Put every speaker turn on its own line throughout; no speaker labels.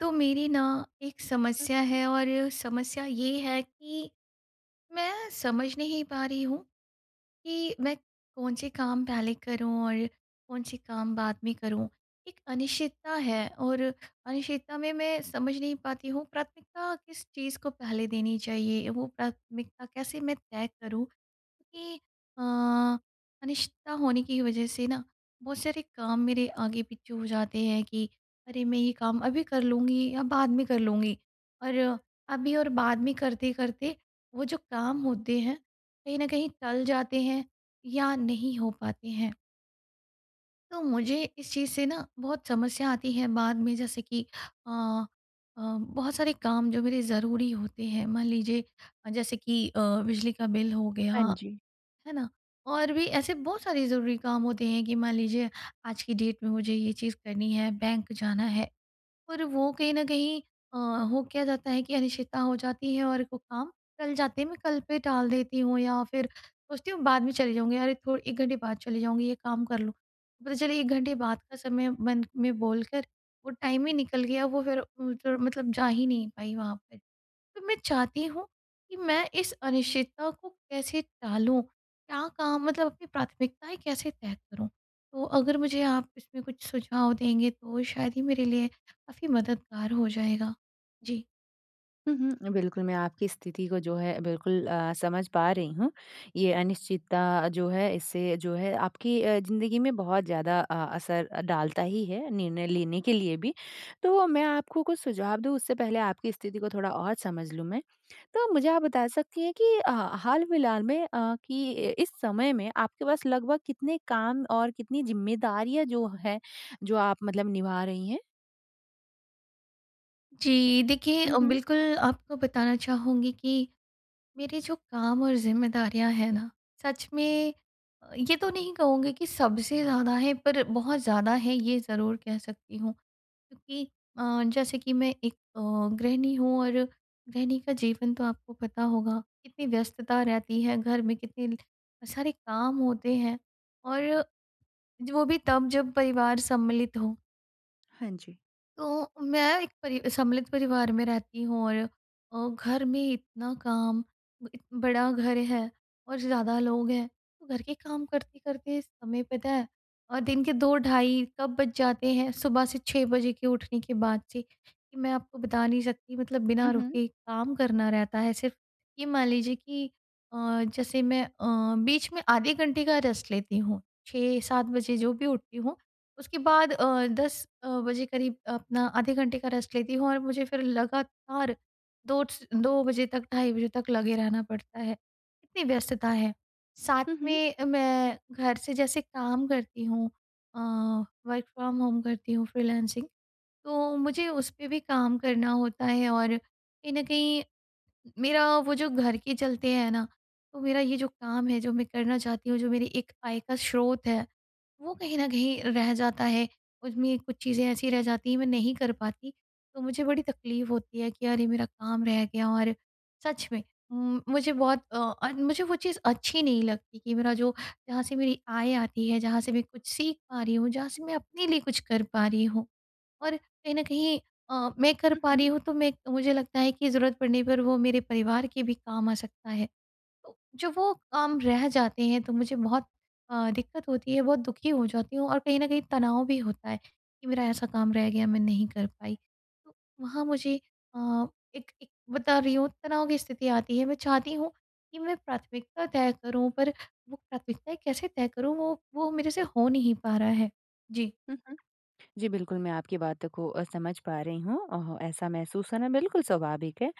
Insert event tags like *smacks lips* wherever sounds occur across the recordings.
तो मेरी ना 1
हुँ,
समस्या
हुँ।
है और समस्या ये है कि मैं समझ नहीं पा रही हूँ कि मैं कौन से काम पहले करूँ और कौन से काम बाद में करूँ। एक अनिश्चितता है और अनिश्चितता में मैं समझ नहीं पाती हूँ प्राथमिकता किस चीज़ को पहले देनी चाहिए? वो प्राथमिकता कैसे मैं तय करूँ कि अ अनिश्चितता होने की वजह से ना बहुत सारे काम मेरे आगे-पीछे हो जाते हैं कि अरे! मैं ये काम अभी कर लूँगी या बाद में कर लूँगी। और अभी और बाद में करते-करते वो जो काम होते हैं कहीं न कहीं टल जाते हैं या नहीं हो पाते हैं। तो मुझे इस चीज़ से ना बहुत समस्या आती है बाद में जैसे कि अ अ, बहुत सारे काम जो मेरे ज़रूरी होते हैं। मान लीजिए जैसे कि अ, बिजली का बिल हो गया
हाँ जी।
है ना? और भी ऐसे बहुत सारे ज़रूरी काम होते हैं कि मान लीजिए आज की डेट में मुझे ये चीज़ करनी है, बैंक जाना है। और वो कहीं न कहीं अ, हो क्या जाता है कि अनिश्चितता हो जाती है और वो काम टल जाते हैं। मैं कल पे टाल देती हूँ या फ़िर सोचती हूँ बाद में चली जाऊँगी अरे! थोड़ 1 घंटे बाद चली जाऊँगी ये काम कर लूँ। पता चले 1 घंटे बाद का समय मन में बोल कर वो टाइम ही निकल गया। वो फ़िर *unintelligible* मतलब जा ही नहीं पाई वहाँ पे। तो मैं चाहती हूँ कि मैं इस अनिश्चितता को कैसे टालूँ? क्या काम मतलब अपनी प्राथमिकताएँ कैसे तय करूँ? तो अगर मुझे आप इसमें कुछ सुझाव देंगे तो शायद ही मेरे लिए काफ़ी मददगार हो जाएगा जी।
हुँ, हुँ। बिल्कुल, मैं आपकी स्थिति को जो है बिल्कुल अ, समझ पा रही हूँ। ये अनिश्चितता जो है इससे जो है आपकी अ, ज़िंदगी में बहुत ज़्यादा अ, असर डालता ही है निर्णय लेने के लिए भी। तो मैं आपको कुछ सुझाव दूँ उससे पहले आपकी स्थिति को थोड़ा और समझ लूँ मैं। तो मुझे आप बता सकती हैं कि ह हाल फिलहाल में अ, कि इस समय में आपके पास लगभग कितने काम और कितनी ज़िम्मेदारियाँ जो हैं जो आप मतलब निभा रही हैं?
जी। देखिए
हुँ,
अ,
हुँ।
बिल्कुल आपको बताना चाहूँगी कि, मेरे जो काम और ज़िम्मेदारियाँ हैं ना, सच में ये तो नहीं कहूँगी कि सबसे ज़्यादा हैं पर बहुत ज़्यादा हैं ये ज़रूर कह सकती हूँ। क्योंकि अ, जैसे कि मैं एक अ, गृहिणी हूँ और गृहिणी का जीवन तो आपको पता होगा। कितनी व्यस्तता रहती है घर में कितने सारे काम होते हैं और वो भी तब जब परिवार सम्मिलित हो।
हाँ, जी।
तो, मैं एक परि सम्मिलित परिवार में रहती हूँ और अ, घर में इतना काम, इ बड़ा घर है और ज़्यादा लोग हैं। तो घर के काम करते-करते समय पता है और दिन के 2 ढ़ाई कब बज जाते हैं सुबह से 6 बजे के उठने के बाद से कि मैं आपको बता नहीं सकती मतलब बिना
हुँ, हुँ।
रुके काम करना रहता है सिर्फ़। ये मान लीजिए कि अ, जैसे मैं अ, बीच में आधे घंटे का रेस्ट लेती हूँ। 6-7 बजे जो भी उठती हूँ उसके बाद अ, 10 अ, बजे करीब अपना आधे घंटे का रेस्ट लेती हूँ और मुझे फिर लगातार 2 स 2 बजे तक ढ़ाई बजे तक लगे रहना पड़ता है। इतनी व्यस्तता है। साथ
हुँ, हुँ।
में मैं घर से जैसे काम करती हूँ अ, वर्क फ्रॉम होम करती हूँ फ्रीलांसिंग। तो मुझे उस पे भी काम करना होता है और कहीं न कहीं मेरा वो जो घर के चलते हैं ना तो मेरा ये जो काम है जो मैं करना चाहती हूँ जो मेरी एक आय का स्रोत है, वो कहीं न कहीं रह जाता है। उसमें कुछ चीज़ें ऐसी रह जाती है मैं नहीं कर पाती तो मुझे बड़ी तकलीफ होती है कि यार ये मेरा काम रह गया और सच में म मुझे बहुत अ, और मुझे वो चीज़ अच्छी नहीं लगती कि मेरा जो जहाँ से मेरी आय आती है जहाँ से मैं कुछ सीख पा रही हूँ जहाँ से मैं अपने लिए कुछ कर पा रही हूँ। और कहीं न कहीं अ, मैं कर
हुँ,
पा रही
हुँ।
हूँ तो मैं मुझे लगता है कि ज़रूरत पड़ने पर वो मेरे परिवार के भी काम आ सकता है। तो जब वो काम रह जाते हैं तो मुझे बहुत अ, दिक्कत होती है बहुत दुखी हो जाती हूँ, और कहीं न कहीं तनाव भी होता है कि मेरा ऐसा काम रह गया मैं नहीं कर पाई। तो वहाँ मुझे अ, एक एक बता रही हूँ तनाव की स्थिति आती है मैं चाहती हूँ कि मैं प्राथमिकता तय करूँ पर वो प्राथमिकताएँ कैसे तय करूँ वो वो मेरे से हो नहीं पा रहा है। जी।
हुँ, हुँ। जी, बिल्कुल मैं आपकी बातों को अ, समझ पा रही हूँ। अ, ऐसा महसूस करना बिल्कुल स्वाभाविक है।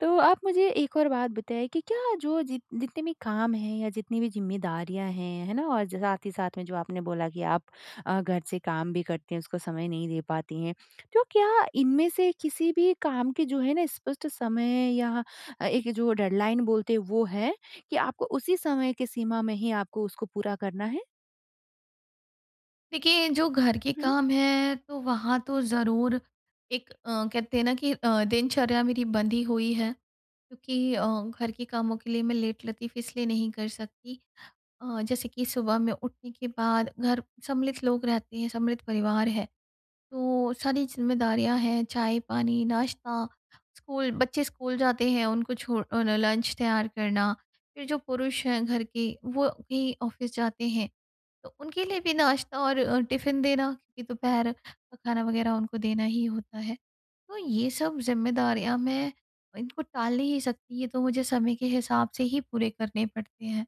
तो आप मुझे एक और बात बताइए कि क्या जो जितने भी काम हैं या जितनी भी ज़िम्मेदारियाँ हैं, है ना? और साथ ही साथ में जो आपने बोला कि आप अ, घर से काम भी करती हैं उसको समय नहीं दे पाती हैं। तो क्या इनमें से किसी भी काम के जो है ना स्पष्ट समय या एक जो डेडलाइन बोलते हैं वो है, कि आपको उसी समय की सीमा में ही आपको उसको पूरा करना है?
देखिए, जो घर के
हुँ, हुँ।
काम हैं तो वहाँ तो ज़रूर एक अ, कहते हैं ना कि अ, दिनचर्या मेरी बंधी ही हुई है क्योंकि अ, घर के कामों के लिए मैं लेटलतीफ़ इसलिए नहीं कर सकती अ, जैसे कि सुबह में उठने के बाद घर सम्मिलित लोग रहते हैं, सम्मिलित परिवार है। तो सारी ज़िम्मेदारियाँ हैं चाय-पानी, नाश्ता स्कूल बच्चे स्कूल जाते हैं उनको छोड़ अ, उन्हें लंच तैयार करना फिर जो पुरुष हैं घर के वो भी ऑफिस जाते हैं तो उनके लिए भी नाश्ता और अ, टिफिन देना क्योंकि दोपहर का खाना वगैरह उनको देना ही होता है। तो ये सब ज़िम्मेदारियाँ मैं इनको टाल नहीं सकती ये तो मुझे समय के हिसाब से ही पूरे करने पड़ते हैं।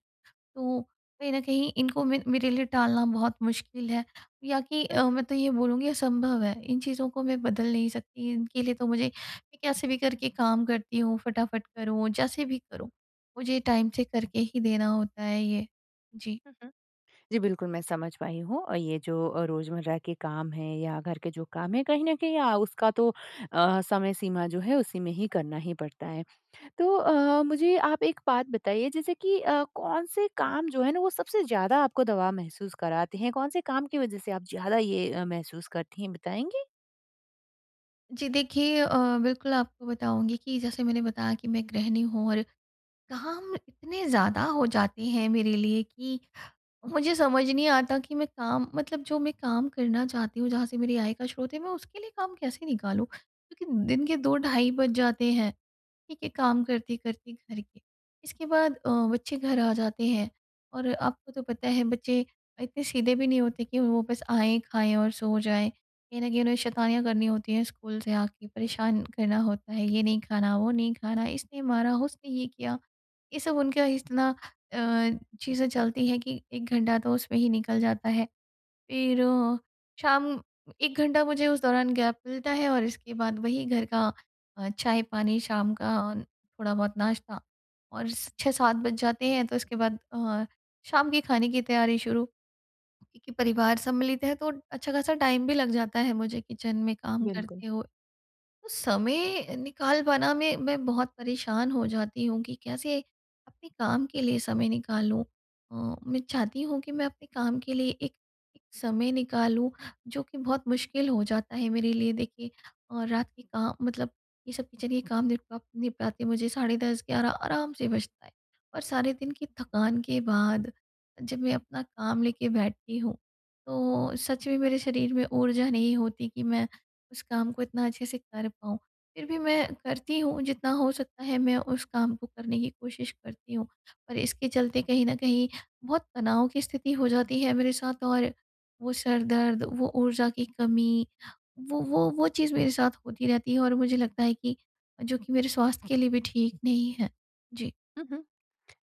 तो कहीं न कहीं इनको मे मेरे लिए टालना बहुत मुश्किल है या कि
हुँ,
अ,
हुँ।
मैं तो ये बोलूँगी असंभव है इन चीज़ों को मैं बदल नहीं सकती इनके लिए तो मुझे कैसे भी करके काम करती हूँ फटाफट करूँ जैसे भी करूँ मुझे टाइम से करके ही देना होता है ये, जी।
हुँ, हुँ। जी बिल्कुल मैं समझ पाई हूँ और ये जो अ, रोज़मर्रा के काम हैं या घर के जो काम हैं कहीं न कहीं अ, उसका तो अ, समय सीमा जो है उसी में ही करना ही पड़ता है। तो अ, मुझे आप एक बात बताइए जैसे कि अ, कौन से काम जो हैं ना वो सबसे ज़्यादा आपको दबाव महसूस कराते हैं, कौन से काम की वजह से आप ज़्यादा ये अ, महसूस करती हैं बताएँगी?
जी, देखिए। अ, बिल्कुल आपको बताऊँगी कि जैसे मैंने बताया कि मैं गृहिणी हूँ और काम इतने ज़्यादा हो जाते हैं मेरे लिए कि, मुझे समझ नहीं आता कि मैं काम मतलब जो मैं काम करना चाहती हूँ। जहाँ से मेरी आय का स्रोत है, मैं उसके लिए काम कैसे निकालूँ? क्योंकि दिन के 2 ढाई बज जाते हैं। ठीक है काम करते करती, घर के, इसके बाद अ, बच्चे घर आ जाते हैं और आपको तो पता है बच्चे इतने सीधे भी नहीं होते की वो बस आएँ, खाएँ और सो जाएँ, कहीं न कहीं उन्हें शैतानियाँ करनी होती हैं स्कूल से आके, परेशान करना होता है। ये नहीं खाना, वो नहीं खाना, इसने मारा, उसने ये किया, ये सब उनका इतना अ, चीज़ें चलती हैं कि 1 घंटा तो उसमें ही निकल जाता है। फ़िर शाम 1 घंटा मुझे उस दौरान गैप मिलता है और इसके बाद वही घर का, अ, चाय पानी शाम का, थोड़ा बहुत नाश्ता और स 6-7 बज जाते हैं। तो इसके बाद अ, शाम के खाने की तैयारी शुरू क्योंकि परिवार सम्मिलित है, तो अच्छा ख़ासा टाइम भी लग जाता है, मुझे किचन में काम
बिल्कुल।
करते हो। समय अ, निकाल पाना में, मैं बहुत परेशान हो जाती हूँ कि कैसे, अपने काम के लिए समय निकालूँ अ, मैं चाहती हूँ कि मैं अपने काम के लिए एक एक समय निकालूँ। जो कि बहुत मुश्किल हो जाता है मेरे लिए देखिए और रात के का मतलब ये सब किचन के काम निपटाते निपटाते मुझे, साढ़े 10 11 आराम से बजता है और सारे दिन की थकान के बाद, जब मैं अपना काम लेके बैठती हूँ। तो सच में
हुँ,
मेरे
हुँ।
शरीर में ऊर्जा नहीं होती कि मैं, उस काम को इतना अच्छे से कर पाऊँ, फ़िर भी मैं करती हूँ जितना हो सकता है, मैं उस काम को करने की कोशिश करती हूँ। और इसके चलते कहीं न कहीं, बहुत तनाव की स्थिति हो जाती है मेरे साथ और वो सर दर्द, वो ऊर्जा की कमी, वो वो वो, चीज़ मेरे साथ होती रहती है और मुझे लगता है कि, जो कि मेरे स्वास्थ्य के लिए भी ठीक नहीं है। जी।
हुँ, हुँ।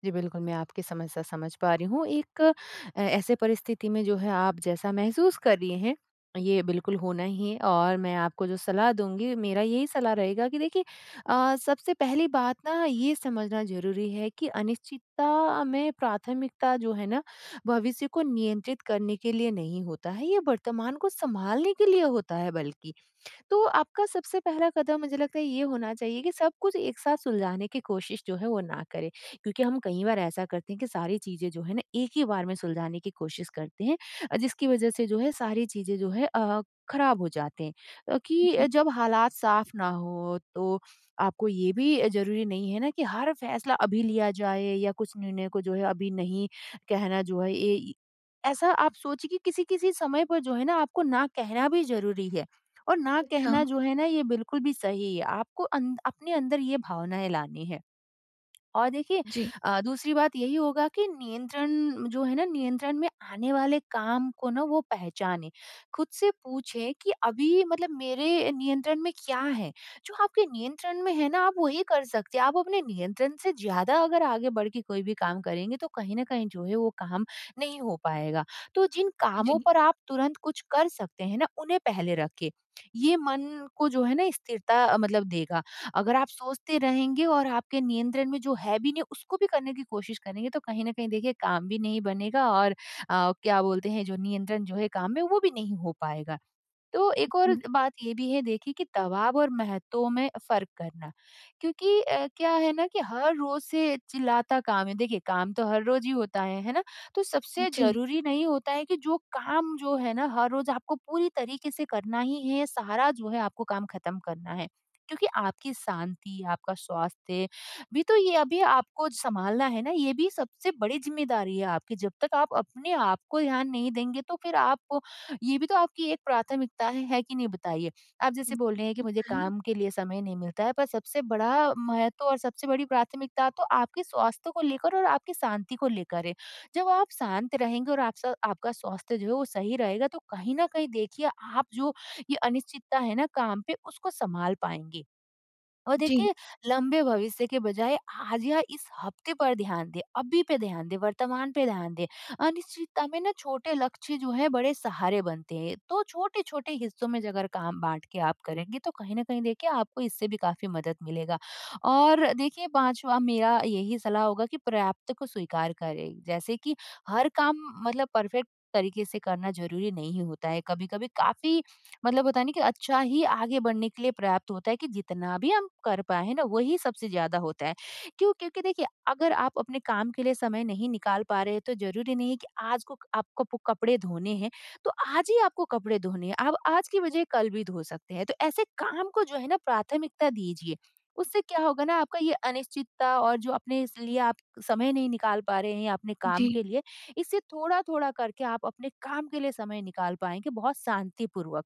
जी, बिल्कुल। मैं आपकी समस्या समझ पा रही हूँ, एक ऐसे परिस्थिति में जो है, आप जैसा महसूस कर रही हैं, ये बिल्कुल होना ही है और मैं आपको जो सलाह दूँगी, मेरा यही सलाह रहेगा कि देखिए अ, सबसे पहली बात ना ये समझना ज़रूरी है कि अनिश्चितता में प्राथमिकता जो है ना, भविष्य को नियंत्रित करने के लिए नहीं होता है। ये वर्तमान को सँभालने के लिए होता है बल्कि, तो आप का सबसे पहला कदम मुझे लगता है ये होना चाहिए कि, सब कुछ एक साथ सुलझाने की कोशिश जो है, वो ना करें। क्योंकि हम कई बार ऐसा करते हैं, कि सारी चीज़ें जो है ना एक ही बार में सुलझाने की कोशिश करते हैं, जिसकी वजह से जो है सारी चीज़ें जो है अ, ख़राब हो जाते हैं अ, कि
अजी।
जब हालात साफ ना हो, तो आपको ये भी ज़रूरी नहीं है ना की हर फैसला अभी लिया जाए या कुछ निर्णय को जो है अभी नहीं कहना जो है, ऐ ऐसा आप सोचिए कि किसी-किसी समय पर जो है ना आपको ना कहना भी ज़रूरी है, और ना
अच्छा।
कहना जो है ना, ये बिल्कुल भी सही है। आपको अंद अपने अंदर ये भावनाएँ लानी है। और देखिए
जी।
अ, दूसरी बात यही होगा की नियंत्रण जो है ना नियंत्रण में आने वाले काम को ना वो पहचाने। खुद से पूछें कि अभी मतलब मेरे नियंत्रण में क्या है? जो आपके नियंत्रण में है ना आप वही कर सकते हैं, आप अपने नियंत्रण से ज़्यादा अगर आगे बढ़ के कोई भी काम करेंगे, तो कहीं न कहीं जो है वो काम नहीं हो पाएगा। तो जिन कामों
जी।
पर आप तुरंत कुछ कर सकते हैं ना, उन्हें पहले रखे, *smacks lips* ये मन को जो है ना स्थिरता, मतलब देगा। अगर आप सोचते रहेंगे और आपके नियंत्रण में जो है भी नहीं उसको भी करने की कोशिश करेंगे, तो कहीं न कहीं देखिए काम भी नहीं बनेगा। और अ, क्या बोलते हैं? जो नियंत्रण जो है काम में, वो भी नहीं हो पाएगा। तो
उ,
एक और
हुँ।
बात ये भी है देखिए कि, दबाव और महत्व में फ़र्क करना। क्योंकि अ, क्या है ना कि हर रोज़ से चिल्लाता काम है, देखिए काम तो हर रोज़ ही होता है, है ना? तो सबसे
जी।
ज़रूरी नहीं होता है कि जो काम, जो है ना हर रोज़ आपको पूरी तरीक़े से करना ही है, या सारा जो है आपको काम ख़त्म करना है। क्योंकि आपकी शाँति, आपका स्वास्थ्य, अभी तो ये अभी आपको सँभालना है ना? ये भी सबसे बड़ी ज़िम्मेदारी है आपकी, जब तक आप अपने आप को ध्यान नहीं देंगे, तो फ़िर आपको ये भी तो आपकी एक प्राथमिकता है। है कि नहीं बताइए? आप
उ,
जैसे बोल रहे हैं कि
हुँ,
मुझे
हुँ।
काम के लिए समय नहीं मिलता है, पर सबसे बड़ा महत्व और सबसे बड़ी प्राथमिकता, तो आपके स्वास्थ्य को लेकर और आपकी शाँति को लेकर है, जब आप शाँत रहेंगे। और आप स आपका स्वास्थ्य जो है वो सही रहेगा, तो कहीं न कहीं देखिए आप जो, ये अनिश्चितता है ना काम पे, उसको सँभाल पाएँगे। और
जी।
देखे लंबे भविष्य के बजाय आज या इस हफ्ते पर ध्यान दें, अभी पे ध्यान दें, वर्तमान पे ध्यान दें, अनिश्चितता में ना छोटे लक्ष्य जो हैं बड़े सहारे बनते हैं। तो छोटे-छोटे हिस्सों में अगर काम बाँट के आप करेंगे, तो कहीं न कहीं देखिए, आपको इससे भी काफ़ी मदद मिलेगा और देखिए पाँचवा मेरा यही सलाह होगा, कि पर्याप्त को स्वीकार करें। जैसे की हर काम मतलब परफ़ेक्ट तरीक़े से करना ज़रूरी नहीं होता है। कभी-कभी काफ़ी, *clicks tongue* मतलब होता है ना कि अच्छा ही आगे बढ़ने के लिए पर्याप्त होता है, कि जितना भी हम कर पाए है ना, वही सबसे ज़्यादा होता है। क्यों? क्योंकि देखिए अगर आप अपने काम के लिए समय नहीं निकाल पा रहे हैं, तो ज़रूरी नहीं है कि आज को आपको कप कपड़े धोने हैं, तो आज ही आपको कपड़े धोने हैं। आप आज की बजाए कल भी धो सकते हैं। तो ऐसे काम को जो है ना प्राथमिकता दीजिए। उससे क्या होगा ना आपका ये अनिश्चितता और जो अपने इसलिए आप समय नहीं निकाल पा रहे हैं, या अपने काम
जी।
के लिए। इससे थोड़ा-थोड़ा करके आप अपने काम के लिए समय निकाल पाएँगे बहुत शाँतिपूर्वक,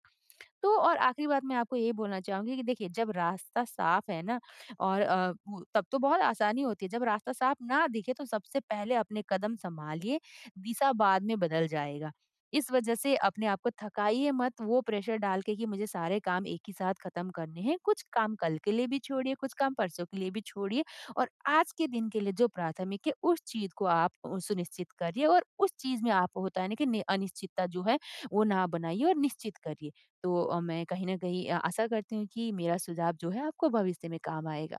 तो और आख़िरी बात मैं आपको ये बोलना चाहूँगी कि देखिए, जब रास्ता साफ है ना और अ, ब तब तो बहुत आसानी होती है, जब रास्ता साफ ना दिखे तो सबसे पहले अपने कदम सँभालिए, दिशा बाद में बदल जाएगा। इस वज़ह से अपने आप को थकाइए मत, वो प्रेशर डाल के, कि मुझे सारे काम एक ही साथ ख़त्म करने हैं। कुछ काम कल के लिए भी छोड़िए, कुछ काम परसों के लिए भी छोड़िए और आज के दिन के लिए जो प्राथमिक है, उस चीज़ को आप सुनिश्चित करिए और उस चीज़ में आपको होता है ना कि, नहीं अनिश्चितता जो है, वो ना बनाइए और निश्चित करिए। तो अ, मैं कहीं न कहीं अ, आशा करती हूँ, की मेरा सुझाव जो है, आपको भविष्य में काम आएगा।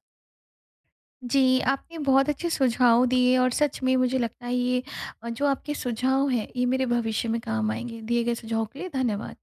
जी। आपने बहुत अच्छे सुझाव दिए और सच में मुझे लगता है ये, जो आपके सुझाव हैं ये मेरे भविष्य में काम आएँगे। दिए गए सुझावों के लिए धन्यवाद।